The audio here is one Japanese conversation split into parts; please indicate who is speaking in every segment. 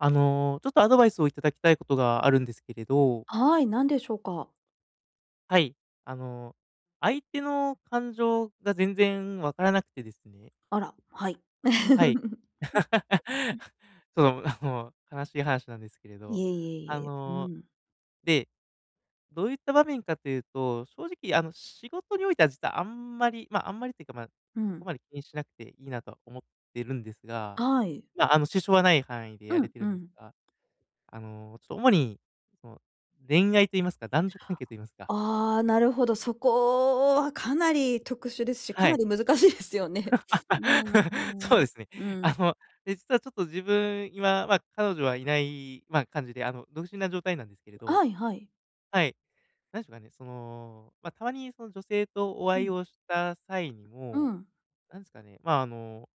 Speaker 1: あの、ちょっとアドバイスを頂きたいことがあるんですけれど
Speaker 2: はい、何でしょうか？
Speaker 1: はい、あの、相手の感情が全然分からなくてですね
Speaker 2: あら、はい。
Speaker 1: はい。その、あ、もう悲しい話なんですけれど、
Speaker 2: いえい
Speaker 1: あ
Speaker 2: えいえ、う
Speaker 1: の、
Speaker 2: ん。
Speaker 1: で、どういった場面かというと、正直、あの、仕事においては実はあんまり、ま、あんまりっていうか、ま、
Speaker 2: う
Speaker 1: そこ
Speaker 2: ん。
Speaker 1: まで気にしなくていいなと思ってるんですが、
Speaker 2: はい。
Speaker 1: ま、あの支障はない範囲でや
Speaker 2: う
Speaker 1: れ
Speaker 2: ん、
Speaker 1: て
Speaker 2: う
Speaker 1: るんです
Speaker 2: ん。
Speaker 1: が、あのちょっと、主にその恋愛と言いますか、男女関係と言いますか
Speaker 2: ああ、なるほど。そこはかなり特殊ですし、
Speaker 1: は
Speaker 2: かな
Speaker 1: い。
Speaker 2: り難しいですよね。うん う
Speaker 1: そ
Speaker 2: ん、
Speaker 1: うですね。
Speaker 2: うん、う
Speaker 1: あ
Speaker 2: ん。
Speaker 1: の、で、実はちょっと自分、今、ま、彼女はいない、ま、感じで、あの、独身な状態なんですけれど、
Speaker 2: あい、はい。
Speaker 1: はい、なんでしょうかね、その、ま、たまにその女性とお
Speaker 2: う
Speaker 1: 会い
Speaker 2: ん。
Speaker 1: をした際に
Speaker 2: う
Speaker 1: も、
Speaker 2: ん。
Speaker 1: なんすかね、ま、あの、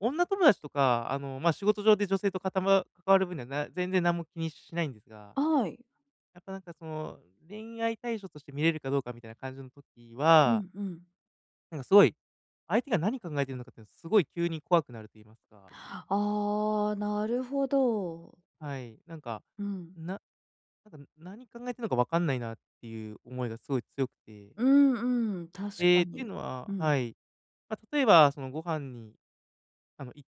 Speaker 1: 女友達とか、あの、ま、仕事上で女性とかたま関わる分には、な全然なんも気にしないんですが、
Speaker 2: はい。
Speaker 1: やっぱなんかその、恋愛対象として見れるかどうかみたいな感じの時
Speaker 2: う
Speaker 1: は
Speaker 2: ん、うん。
Speaker 1: なんかすごい、相手が何考えてるのかっていうの、すごい急に怖くなると言いますか。
Speaker 2: ああ、なるほど。
Speaker 1: はい。なんか、
Speaker 2: うん。
Speaker 1: ななんか、何考えてんのかわかんないなっていう思いが、すごい強くて。
Speaker 2: うんうん、確
Speaker 1: え
Speaker 2: か
Speaker 1: え、っていう
Speaker 2: に。
Speaker 1: の
Speaker 2: う
Speaker 1: は
Speaker 2: ん。
Speaker 1: はい。ま、例えばその、ご飯に、あの、行っ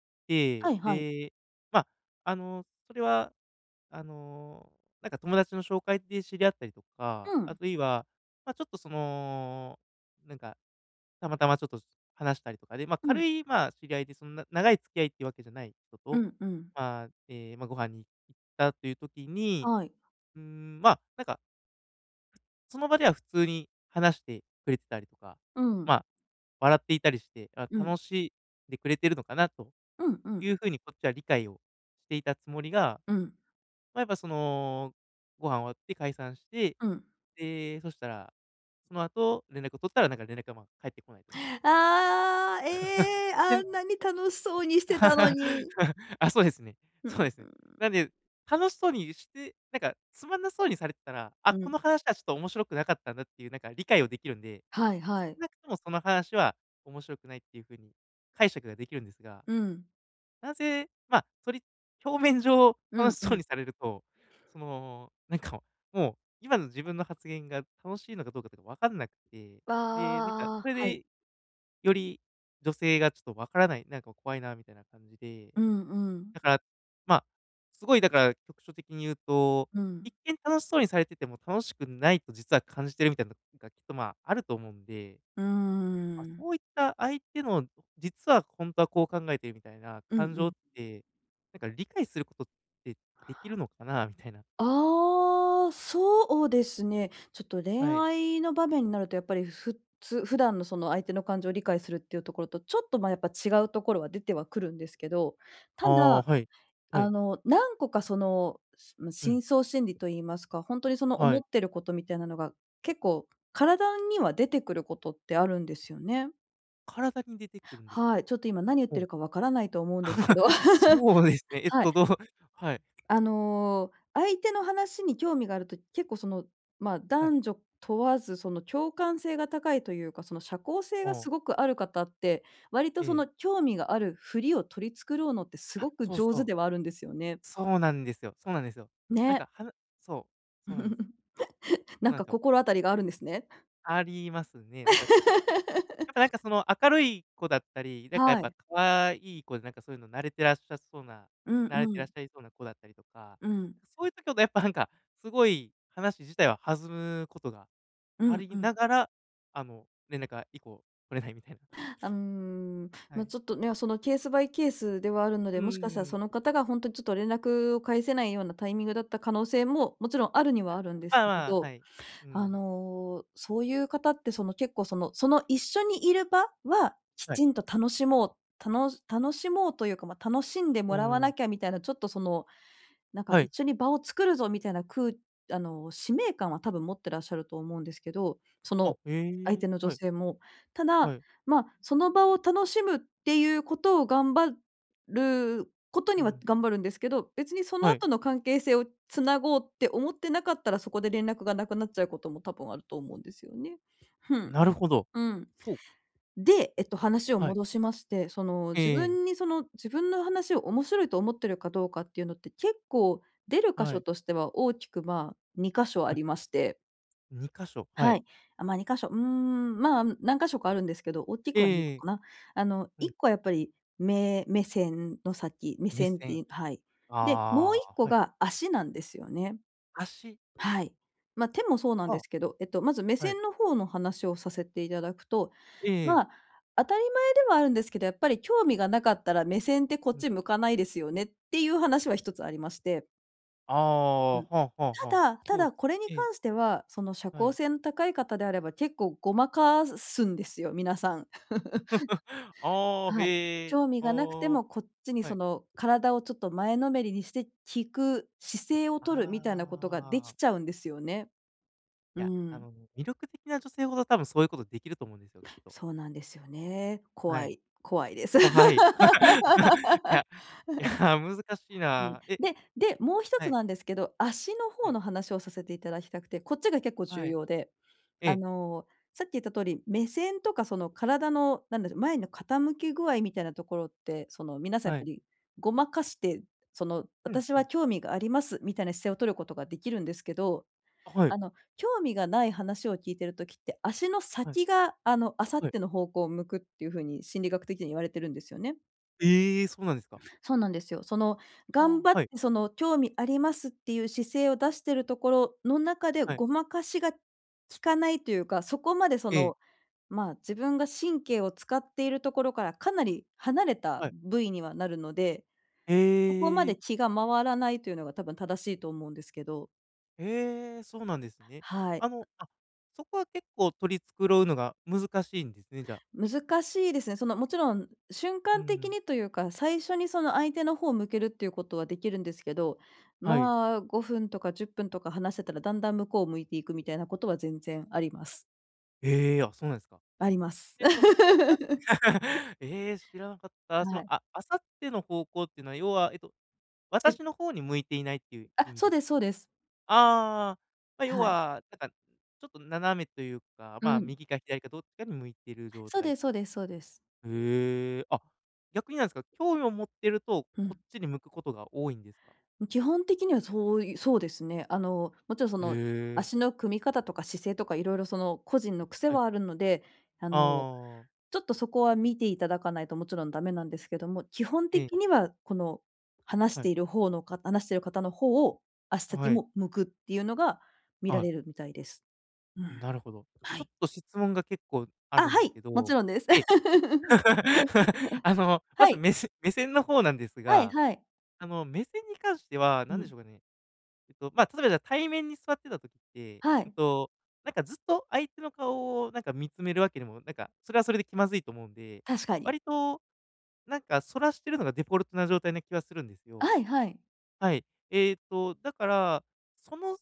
Speaker 2: は
Speaker 1: て、
Speaker 2: いはい。
Speaker 1: で、ま、あの、それは、あの、なんか友達の紹介で知り合ったりとか、
Speaker 2: う
Speaker 1: あ
Speaker 2: ん。
Speaker 1: るいは、ま、ちょっとその、なんか、たまたまちょっと、す話したりとかで、ま、
Speaker 2: う
Speaker 1: 軽
Speaker 2: ん。
Speaker 1: い、ま、知り合いで、そんな長い付き合いっていうわけじゃない人
Speaker 2: う
Speaker 1: と、
Speaker 2: んうん。
Speaker 1: ま、え、ま、ご飯に行ったという時に、
Speaker 2: はい。
Speaker 1: うーん、ま、なんかその場では普通に話してくれてたりとか、
Speaker 2: うん。
Speaker 1: ま、笑っていたりして、あ、
Speaker 2: うん。
Speaker 1: 楽しんでくれてるのかなと
Speaker 2: うんう
Speaker 1: い
Speaker 2: ん。
Speaker 1: う風に、こっちは理解をしていたつもりが、
Speaker 2: うん。
Speaker 1: ま、やっぱその、ご飯終わって解散して、
Speaker 2: うん。
Speaker 1: で、そしたら、その後連絡を取ったら、なんか連絡が、ま、返ってこないとか。
Speaker 2: ああ、ええ、
Speaker 1: て
Speaker 2: あ
Speaker 1: ん
Speaker 2: んなに楽しそうにしてたの に。
Speaker 1: あ、そうですね。
Speaker 2: う
Speaker 1: そう
Speaker 2: ん。
Speaker 1: ですね。なんで、楽しそうにしてなんか、つまんなそうにされてたら、あ、
Speaker 2: う
Speaker 1: こ
Speaker 2: ん。
Speaker 1: の話はちょっと面白くなかったんだっていう、なんか理解をできるんで、
Speaker 2: はい
Speaker 1: 少
Speaker 2: はい。
Speaker 1: なくともその話は面白くないっていう風に解釈ができるんですが。
Speaker 2: うん。
Speaker 1: なぜま、それ、表面上
Speaker 2: う
Speaker 1: 楽
Speaker 2: ん
Speaker 1: し
Speaker 2: う
Speaker 1: そう
Speaker 2: ん。
Speaker 1: にされると、そのなんか、もう、今の自分の発言が、楽しいのかどうかとかわかんなくて。
Speaker 2: あ
Speaker 1: で、なんか
Speaker 2: あ
Speaker 1: そ
Speaker 2: ああ。
Speaker 1: れ
Speaker 2: はい。
Speaker 1: で、より女性がちょっとわからないなんか怖いなみたいな感じで。
Speaker 2: うんうん。
Speaker 1: だから、ま、すごい、だから、局所的に言うと、
Speaker 2: うん。
Speaker 1: 一見楽しそうにされてても、楽しくないと実は感じてるみたいなのが、きっと、ま、あると思うんで。
Speaker 2: うー
Speaker 1: ま、
Speaker 2: ん。
Speaker 1: そういった、相手の実は本当はこう考えてる、みたいな
Speaker 2: うん
Speaker 1: 感
Speaker 2: う
Speaker 1: 情っ
Speaker 2: ん。
Speaker 1: て、なんか理解することってできるのかな、みたいな。
Speaker 2: ああ、そうですね。ちょっと恋
Speaker 1: はい。
Speaker 2: 愛の場面になるとやっぱり、ふっつ普段のその相手の感情を理解するっていうところと、ちょっと、ま、やっぱ違うところは出てはくるんですけど。
Speaker 1: あ
Speaker 2: た
Speaker 1: あ、
Speaker 2: だ、
Speaker 1: はい。は
Speaker 2: あ
Speaker 1: い。
Speaker 2: の、何個かその、すま、
Speaker 1: うん。
Speaker 2: 深層心理と言いますか、ほんとにその、
Speaker 1: は
Speaker 2: 思っ
Speaker 1: い。
Speaker 2: てることみたいなのが結構、体には出てくることってあるんですよね。
Speaker 1: 体に出てくるんですか？
Speaker 2: はい。ちょっと今、何言っ
Speaker 1: ほ
Speaker 2: て
Speaker 1: う。
Speaker 2: るかわからないと思うんですけど。
Speaker 1: そうですねえっ
Speaker 2: はい。
Speaker 1: と、どうはい。
Speaker 2: あの、相手の話に興味があると、結構その、ま、
Speaker 1: はい。
Speaker 2: 男女問わず、その、共感性が高いというか、その、社交性
Speaker 1: あ
Speaker 2: が
Speaker 1: あ。
Speaker 2: すごくある方って、割とそ
Speaker 1: ええ。
Speaker 2: の、興味があるふりを取り繕ろうのって、す
Speaker 1: あ、
Speaker 2: ごく
Speaker 1: そう
Speaker 2: 上
Speaker 1: そ
Speaker 2: 手
Speaker 1: う。
Speaker 2: ではあるんですよね。
Speaker 1: そうなんですよ。そうなんですよ。なん
Speaker 2: ね。
Speaker 1: か、はなそうそうなんです。そう
Speaker 2: なん
Speaker 1: なんで
Speaker 2: か
Speaker 1: すよ。
Speaker 2: 心当たりがあるんですね。
Speaker 1: ありますね。なんか、かやっぱなんか、その、明るい子だったり、なんかやっ
Speaker 2: は
Speaker 1: ぱ
Speaker 2: い。
Speaker 1: 可愛い子で、なんかそういうの慣れてらっしゃっそうな
Speaker 2: うん
Speaker 1: 慣れて
Speaker 2: う
Speaker 1: らっし
Speaker 2: ん。
Speaker 1: ゃいそうな子だったりとか。
Speaker 2: うん。
Speaker 1: そういう時ほど、やっぱなんか、すごい話自体は弾むことが
Speaker 2: う
Speaker 1: あ
Speaker 2: んう
Speaker 1: り
Speaker 2: ん。
Speaker 1: ながら、あの、連絡が以降取れないみたいな。
Speaker 2: あ、うーん。
Speaker 1: は
Speaker 2: ま、
Speaker 1: い。
Speaker 2: ちょっとね。その、ケースバイケースではあるの
Speaker 1: う
Speaker 2: で、
Speaker 1: ー
Speaker 2: もしかしたら
Speaker 1: ん。
Speaker 2: その方が、ほんとにちょっと連絡を返せないようなタイミングだった可能性も、もちろんあるに
Speaker 1: あ
Speaker 2: はあるんで
Speaker 1: あ。
Speaker 2: すけれ
Speaker 1: ああ。
Speaker 2: ど、
Speaker 1: はい。う
Speaker 2: あ
Speaker 1: ん。
Speaker 2: の、そういう方って、その、結構、そのその一緒にいる場はき
Speaker 1: はい。
Speaker 2: ちんと楽しもうたの楽しもうというか、ま、楽しんで
Speaker 1: うー
Speaker 2: もらわな
Speaker 1: ん。
Speaker 2: きゃみたいな、ちょっとその、なんか
Speaker 1: は
Speaker 2: 一
Speaker 1: い。
Speaker 2: 緒に場を作るぞみたいな、くうあの、使命感は多分持ってらっしゃると思うんですけど。そ
Speaker 1: あ、
Speaker 2: の
Speaker 1: へ
Speaker 2: 相
Speaker 1: え。
Speaker 2: 手の女
Speaker 1: はい。
Speaker 2: 性も。た
Speaker 1: は
Speaker 2: だ、
Speaker 1: い。
Speaker 2: ま、その場を楽しむっていうことを、頑張ること
Speaker 1: う
Speaker 2: には
Speaker 1: ん。
Speaker 2: 頑張るんですけど、別にその
Speaker 1: はい。
Speaker 2: 後の関係性をつなごうって思ってなかったら、そこで連絡がなくなっちゃうことも多分あると思うんですよね。ふん。
Speaker 1: なるほど、
Speaker 2: うん。
Speaker 1: そうか。
Speaker 2: で、えっと、話を
Speaker 1: はい。
Speaker 2: 戻しまして、その、
Speaker 1: え
Speaker 2: 自
Speaker 1: えええ。
Speaker 2: 分にその自分の話を面白いと思っているかどうかっていうのって、結構出る箇
Speaker 1: は
Speaker 2: 所
Speaker 1: い。
Speaker 2: としては大きく、まあ、2か所あ
Speaker 1: はい。
Speaker 2: りまして。
Speaker 1: 2か所、は
Speaker 2: は
Speaker 1: い。
Speaker 2: い。あ、ま、2か所。うーん、ま、何か所かあるんですけど、おっき
Speaker 1: え
Speaker 2: くはに
Speaker 1: え
Speaker 2: こ
Speaker 1: ええ。
Speaker 2: かな。あの、
Speaker 1: う
Speaker 2: い
Speaker 1: ん。
Speaker 2: っこはやっぱり、目目線の先目
Speaker 1: 目
Speaker 2: 線って、
Speaker 1: 線。
Speaker 2: いはい。で、もうい
Speaker 1: あ
Speaker 2: っ
Speaker 1: あ、
Speaker 2: こ
Speaker 1: はい。
Speaker 2: が足なんですよね。
Speaker 1: 足。
Speaker 2: はい。ま、手もそうなんで
Speaker 1: は
Speaker 2: すけど、えっとまず、目
Speaker 1: あ。はい。
Speaker 2: 線の方の話をさせていただくと、
Speaker 1: ええ
Speaker 2: ま
Speaker 1: ええ。
Speaker 2: あ、当たり前ではあるんですけど、やっぱり興味がなかったら、目線ってこっ
Speaker 1: うん。
Speaker 2: ち向かないですよね、っていう話は1つありまして。
Speaker 1: ああ、
Speaker 2: うん。
Speaker 1: は、は、
Speaker 2: た
Speaker 1: は、
Speaker 2: だ、
Speaker 1: ス
Speaker 2: た
Speaker 1: ポーツ
Speaker 2: だこれに
Speaker 1: ええ。
Speaker 2: 関しては、その社
Speaker 1: は
Speaker 2: 交
Speaker 1: い。
Speaker 2: 性の高い方であれば結構ごまかすんですよ、皆さん。
Speaker 1: ああ、
Speaker 2: はい。
Speaker 1: へえ、
Speaker 2: 興味
Speaker 1: あ
Speaker 2: がなくて
Speaker 1: あ、
Speaker 2: もこっちに
Speaker 1: は
Speaker 2: そ
Speaker 1: い。
Speaker 2: の体をちょっと前のめりにして、聞く姿勢をとるみたいなことがで
Speaker 1: ああ。
Speaker 2: きちゃうんですよね。
Speaker 1: い
Speaker 2: う
Speaker 1: や、あ
Speaker 2: ん。
Speaker 1: の、魅力的な女性ほど多分、そういうことできると思うんですよ、きっと。
Speaker 2: そうなんですよね。
Speaker 1: は
Speaker 2: 怖
Speaker 1: い。
Speaker 2: い、怖いです。
Speaker 1: 怖い。いや、いや、難しい
Speaker 2: うん。
Speaker 1: な。え
Speaker 2: で、で、もう一
Speaker 1: は
Speaker 2: つ
Speaker 1: い。
Speaker 2: なんですけど、足の
Speaker 1: は
Speaker 2: 方
Speaker 1: い。
Speaker 2: の話をさせていただきたくて、こっちが結構
Speaker 1: は
Speaker 2: 重
Speaker 1: い。
Speaker 2: 要で、
Speaker 1: え
Speaker 2: あ
Speaker 1: え。
Speaker 2: の、さっき言った通り、目線とかその体の、なんだろ、前の傾き具合みたいなところって、その皆さんやっ
Speaker 1: は
Speaker 2: ぱ
Speaker 1: い。
Speaker 2: りごまかして、その
Speaker 1: うん、
Speaker 2: 私
Speaker 1: う
Speaker 2: は
Speaker 1: ん。
Speaker 2: 興味があります、みたいな姿勢をとることができるんですけど、
Speaker 1: あ、はい。
Speaker 2: あの、興味がない話を聞いている時って、足の
Speaker 1: はい。
Speaker 2: 先が、あの、明後
Speaker 1: はい。
Speaker 2: 日の方向を向くっていうふうに心理学的には言われてるんですよね。
Speaker 1: え、そうなんですか。
Speaker 2: そうなんですよ。その頑
Speaker 1: あ、
Speaker 2: 張っ
Speaker 1: はい。
Speaker 2: て、その興味ありますっていう姿勢を出しているところの中で、
Speaker 1: はい。
Speaker 2: ごまかしがきかないというか、そこまでそ
Speaker 1: ええ。
Speaker 2: の、ま、自分が神経を使っているところからかなり離れた
Speaker 1: はい。
Speaker 2: 部位にはなるので、そこま
Speaker 1: ええ。
Speaker 2: で気が回らないというのが多分正しいと思うんですけど。
Speaker 1: え！そうなんですね。
Speaker 2: はい。
Speaker 1: あの、あ、そこは結構取り繕うのが難しいんですね？じゃ、いし
Speaker 2: 難しいですね、その、もちろん瞬
Speaker 1: う
Speaker 2: 間的
Speaker 1: ん。
Speaker 2: にというか、最初にその、相手の方向けるっていうことはできるんですけど、
Speaker 1: はい。
Speaker 2: まあ、5分とか10分とか話せたら、だんだん向こうを向いていくみたいなことは全然あります。
Speaker 1: ええ、あ、そうなんすか。
Speaker 2: あります。
Speaker 1: で、その、あさ ええ、知らなかった。そ
Speaker 2: は
Speaker 1: の、
Speaker 2: い。
Speaker 1: あ明後日の方向ってのは、要は、えと、
Speaker 2: ち
Speaker 1: 私の方に向いていないっていう意
Speaker 2: あ、
Speaker 1: 味
Speaker 2: そう
Speaker 1: です
Speaker 2: ですそう
Speaker 1: ね。
Speaker 2: です。
Speaker 1: ああ。ま、要
Speaker 2: はい。
Speaker 1: は、なんか、ちょっと斜めというか、
Speaker 2: う
Speaker 1: まあ、
Speaker 2: ん。
Speaker 1: 右か左かどっちかに向いてる状
Speaker 2: そう
Speaker 1: 態
Speaker 2: でそ
Speaker 1: と。
Speaker 2: うでそうです。
Speaker 1: へえ、あ、逆になんすか、興味を持ってると
Speaker 2: う
Speaker 1: こっ
Speaker 2: ん。
Speaker 1: ちに向くことが多いんですか？
Speaker 2: ん、基本的にはそういそうですね。あの、もちろんその、
Speaker 1: へえ。
Speaker 2: 足の組み方とか姿勢とかいろいろその、個人の癖
Speaker 1: はい。
Speaker 2: はあるので、あの、
Speaker 1: ああ。
Speaker 2: ちょっとそこは見ていただかないともちろんダメなんですけども、基本
Speaker 1: ええ。
Speaker 2: 的にはこの、話し
Speaker 1: はい。
Speaker 2: ている方のか話している方の方を、足先
Speaker 1: はい。
Speaker 2: も向くっていうのが見
Speaker 1: あ、
Speaker 2: ら
Speaker 1: はい。
Speaker 2: れるみたいです。う
Speaker 1: ん、
Speaker 2: ん。
Speaker 1: なるほど。
Speaker 2: は
Speaker 1: ちょ
Speaker 2: い。
Speaker 1: っと質問が結構あ
Speaker 2: ああ、
Speaker 1: るんで
Speaker 2: は
Speaker 1: す
Speaker 2: い、
Speaker 1: け
Speaker 2: も
Speaker 1: ど、
Speaker 2: ちろんです。
Speaker 1: で あの、ま
Speaker 2: は
Speaker 1: ず、
Speaker 2: い。
Speaker 1: めせ目線の方なんです
Speaker 2: はい
Speaker 1: が、
Speaker 2: はい。
Speaker 1: あの、目線に関しては、
Speaker 2: う
Speaker 1: なんで
Speaker 2: ん。
Speaker 1: しょうかね。えっと、まあ、例えばじゃ、対面に座ってた時って、
Speaker 2: は
Speaker 1: うん
Speaker 2: い。
Speaker 1: と、なんかずっと相手の顔をなんか見つめるわけでも、なんか、それはそれで気まずいと思うんで、
Speaker 2: 確かに。
Speaker 1: 割と、なんか逸らしてるのがデフォルトな状態な気はするんですよ。
Speaker 2: はいはい。
Speaker 1: はい。えっと、だから、その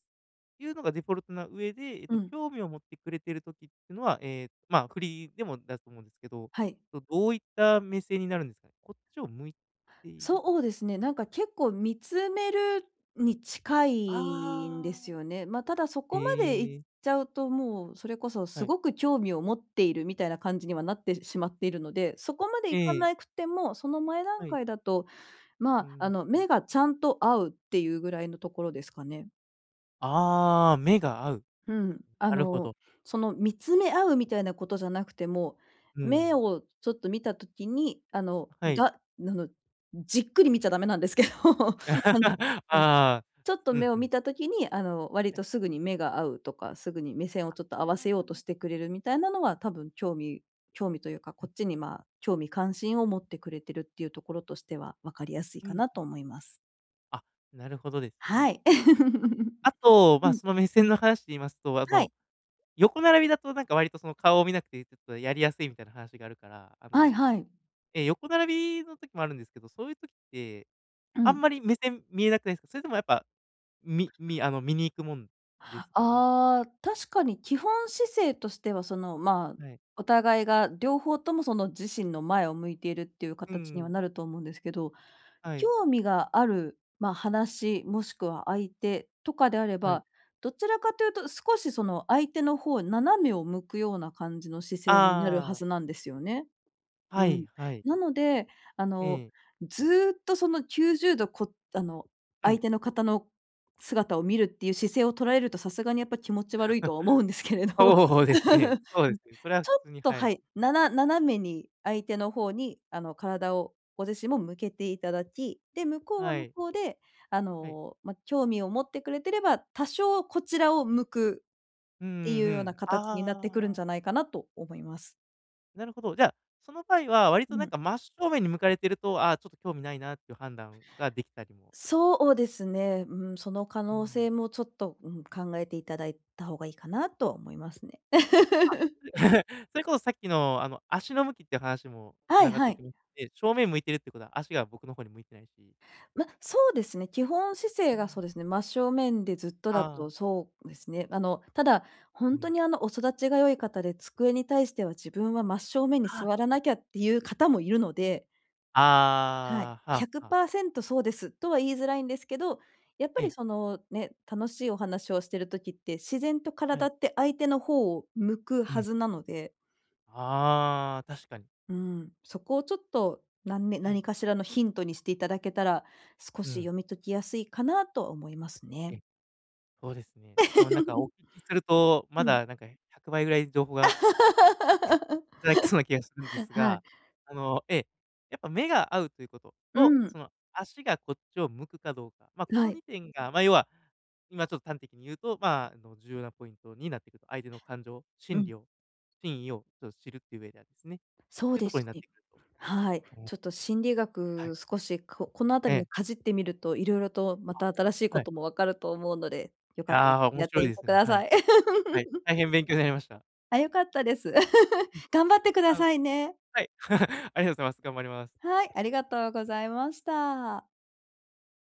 Speaker 1: いうのがデフォルトの上で、え
Speaker 2: う
Speaker 1: と、
Speaker 2: ん。
Speaker 1: 興味を持ってくれてる時ってのは、ええ、まあ、振りでもだすと思うんですけど、
Speaker 2: はい。
Speaker 1: どどういった目線になるんですかね。こっちを向いている。
Speaker 2: そうですね、なんか結構見つめるに近いんで
Speaker 1: あ
Speaker 2: す
Speaker 1: あ。
Speaker 2: よね。ま、ただそこまで行
Speaker 1: へ
Speaker 2: っ
Speaker 1: え。
Speaker 2: ちゃうと、もうそれこそ
Speaker 1: は
Speaker 2: す
Speaker 1: い。
Speaker 2: ごく興味を持っているみたいな感じにはなってしまっているので、そこまで
Speaker 1: え
Speaker 2: 行か
Speaker 1: え。
Speaker 2: なくても、その前
Speaker 1: は
Speaker 2: 段
Speaker 1: い。
Speaker 2: 階だと、ま
Speaker 1: うー
Speaker 2: あ、
Speaker 1: ん、
Speaker 2: あ
Speaker 1: う
Speaker 2: の、
Speaker 1: うん。
Speaker 2: 目がちゃんと合うっていうぐらいのところですかね？
Speaker 1: ああ、目が合う。
Speaker 2: うん。あ
Speaker 1: なるほ
Speaker 2: の、
Speaker 1: ど。
Speaker 2: その見つめ合うみたいなことじゃなくても、
Speaker 1: う
Speaker 2: 目
Speaker 1: ん。
Speaker 2: をちょっと見た時に、あの、
Speaker 1: はい。
Speaker 2: がなぬじっくり見ちゃダメなんですけど、あの
Speaker 1: あ
Speaker 2: うん、
Speaker 1: あ、
Speaker 2: ちょっと
Speaker 1: う
Speaker 2: 目
Speaker 1: ん、
Speaker 2: を
Speaker 1: ふ
Speaker 2: 見
Speaker 1: ん。
Speaker 2: た時に、あの、割とすぐに目が合うとか、すぐに目線をちょっと合わせ
Speaker 1: あ
Speaker 2: ようと
Speaker 1: あ。
Speaker 2: してくれるみたいなのは、多分興味興味というか、こっちに、ま、興味、関心を持ってくれてるっていうところとしては、分かりやすい
Speaker 1: う
Speaker 2: か
Speaker 1: ん。
Speaker 2: なと思います。
Speaker 1: あ、なるほどですね。
Speaker 2: はい。
Speaker 1: あと、
Speaker 2: う
Speaker 1: ま、
Speaker 2: ん。
Speaker 1: その目線の話で言いますと、あ
Speaker 2: は
Speaker 1: の、
Speaker 2: い。
Speaker 1: 横並びだとなんか割と、その、顔を見なくてちょっとやりやすいみたいな話があるから、あ
Speaker 2: はい
Speaker 1: の、
Speaker 2: はい。
Speaker 1: ええ、横並びの時もあるんですけど、そういう時って、
Speaker 2: う
Speaker 1: あ
Speaker 2: ん。
Speaker 1: んまり目線見えなくないないすか？それともやっぱ、みみあの、見に行くもんですかね？
Speaker 2: ああ、確かに、基本姿勢としては、その、まあ、
Speaker 1: はい。
Speaker 2: お互いが両方とも、その、自身の前を向いているっていうか
Speaker 1: う
Speaker 2: たちには
Speaker 1: ん。
Speaker 2: なると思うんですけど、
Speaker 1: はい。
Speaker 2: 興味がある、ま、話もしくは相手とかであれ
Speaker 1: はい。
Speaker 2: ば、どちらかというと少しその相手の方、斜めを向くような感じの姿勢になるは
Speaker 1: ああ。
Speaker 2: ずなんですよね。う
Speaker 1: はい、
Speaker 2: ん。
Speaker 1: はい。
Speaker 2: なので、あの、
Speaker 1: ええ。
Speaker 2: ずっとその90度、こあの、
Speaker 1: う
Speaker 2: 相
Speaker 1: ん。
Speaker 2: 手の方の姿を見るっていう姿勢をとられると、さすがにやっぱ気持ち悪いとは思うんですけ れど、
Speaker 1: そうですね、そう
Speaker 2: う
Speaker 1: で
Speaker 2: ん
Speaker 1: すね、それは普
Speaker 2: ちょっ
Speaker 1: 通に
Speaker 2: と、
Speaker 1: は
Speaker 2: は
Speaker 1: い。
Speaker 2: い、なな斜めに相手の方にあの、体をご自身も向けていただき、で、向こうは
Speaker 1: は
Speaker 2: 向
Speaker 1: い。
Speaker 2: こうであ
Speaker 1: はい。
Speaker 2: の、ま、興味を持ってくれてれば、多少こちらを向く
Speaker 1: うんう
Speaker 2: ってい
Speaker 1: んう
Speaker 2: うような
Speaker 1: ん。
Speaker 2: かたちになっ
Speaker 1: あ
Speaker 2: てくるん
Speaker 1: あ。
Speaker 2: じゃないかなと思います。
Speaker 1: なるほど、じゃ、その場合は割
Speaker 2: う
Speaker 1: となん
Speaker 2: ん。
Speaker 1: か真っ正面に向かれてると、「ああ、ちょっと興味ないな」っていう判断ができたりも
Speaker 2: そおですね。うーん、その可
Speaker 1: う
Speaker 2: 能
Speaker 1: ん。
Speaker 2: 性もちょっと、うん、考えていただいた方がいいかなとは思いますね。
Speaker 1: まあ、つ それこそさっきの、あの、足の向きっていう話もつ
Speaker 2: は
Speaker 1: な
Speaker 2: い
Speaker 1: がっ
Speaker 2: は
Speaker 1: て
Speaker 2: い。
Speaker 1: きまして、正面向いてるってことは、足が僕の方に向いてないし
Speaker 2: ま、そうですね。基本姿
Speaker 1: う
Speaker 2: 勢がそ
Speaker 1: ん。
Speaker 2: うですね、真正面でずっとだ
Speaker 1: ああ。
Speaker 2: と、そうですね。あの、ただ、ほ
Speaker 1: う
Speaker 2: んと
Speaker 1: ん。
Speaker 2: にあの、お育ちが良い方で、机に対しては自分は真っ正面に
Speaker 1: はあ。
Speaker 2: 座らなきゃっていう方もいるのではい、
Speaker 1: ああ、
Speaker 2: ひゃ
Speaker 1: は
Speaker 2: く
Speaker 1: あはあ。
Speaker 2: パーセントそうですとは言いづらいんですけど、やっ
Speaker 1: え
Speaker 2: ぱり
Speaker 1: え。
Speaker 2: そのね、楽しいお話をしてる時って、自然と
Speaker 1: は
Speaker 2: 体
Speaker 1: い。
Speaker 2: って相手のほうを向く
Speaker 1: う
Speaker 2: は
Speaker 1: ん。
Speaker 2: ずなので
Speaker 1: ああ、確かに。
Speaker 2: うーん、そこをちょっと、なんね、
Speaker 1: はい。
Speaker 2: 何かしらのヒントにしていただけたら、少
Speaker 1: う
Speaker 2: し
Speaker 1: ん。
Speaker 2: 読み解きやすいかなとは思いますね。
Speaker 1: え、そうですね。多分なんかお 聞きすると、
Speaker 2: う
Speaker 1: ま
Speaker 2: ん。
Speaker 1: だなんか、百倍ぐらい情報がいただけそうな気がするんで す
Speaker 2: はい。
Speaker 1: が、あの、ええ、やっぱ目が合うということ
Speaker 2: う
Speaker 1: と、そ
Speaker 2: ん。
Speaker 1: の、足がこっちを向くかどうか、まあこ
Speaker 2: は
Speaker 1: の
Speaker 2: い。
Speaker 1: 2点が、まあ要は、今ちょっと端的に言うと、まあ、あの、重要なポイントになってくると。相手の感情
Speaker 2: う
Speaker 1: 心理
Speaker 2: ん。
Speaker 1: を真意を、ちょっ、知るっていう上ではですね、っ
Speaker 2: そ
Speaker 1: て
Speaker 2: う
Speaker 1: いうと
Speaker 2: で
Speaker 1: ころに
Speaker 2: す
Speaker 1: なっ
Speaker 2: ね。
Speaker 1: てくると。
Speaker 2: はい。
Speaker 1: おお。
Speaker 2: ちょっと心理
Speaker 1: はい。
Speaker 2: 学少し、ここの
Speaker 1: え
Speaker 2: 辺りの
Speaker 1: え。
Speaker 2: かじってみると、色々とま
Speaker 1: あ、
Speaker 2: た新しい
Speaker 1: は
Speaker 2: こ
Speaker 1: い。
Speaker 2: とも分かると思うので、よ
Speaker 1: い
Speaker 2: かったら
Speaker 1: や、面
Speaker 2: やっ
Speaker 1: 白
Speaker 2: て
Speaker 1: い
Speaker 2: み
Speaker 1: で
Speaker 2: て
Speaker 1: す
Speaker 2: く
Speaker 1: ね。
Speaker 2: だ
Speaker 1: はい。
Speaker 2: さい。
Speaker 1: はい、大変勉強になりました。
Speaker 2: あ、良かったです。
Speaker 1: うん。
Speaker 2: 頑張ってくだ
Speaker 1: あ、
Speaker 2: さいね。
Speaker 1: はい、ありがとうございます。頑張ります。
Speaker 2: はい、ありがとうございました。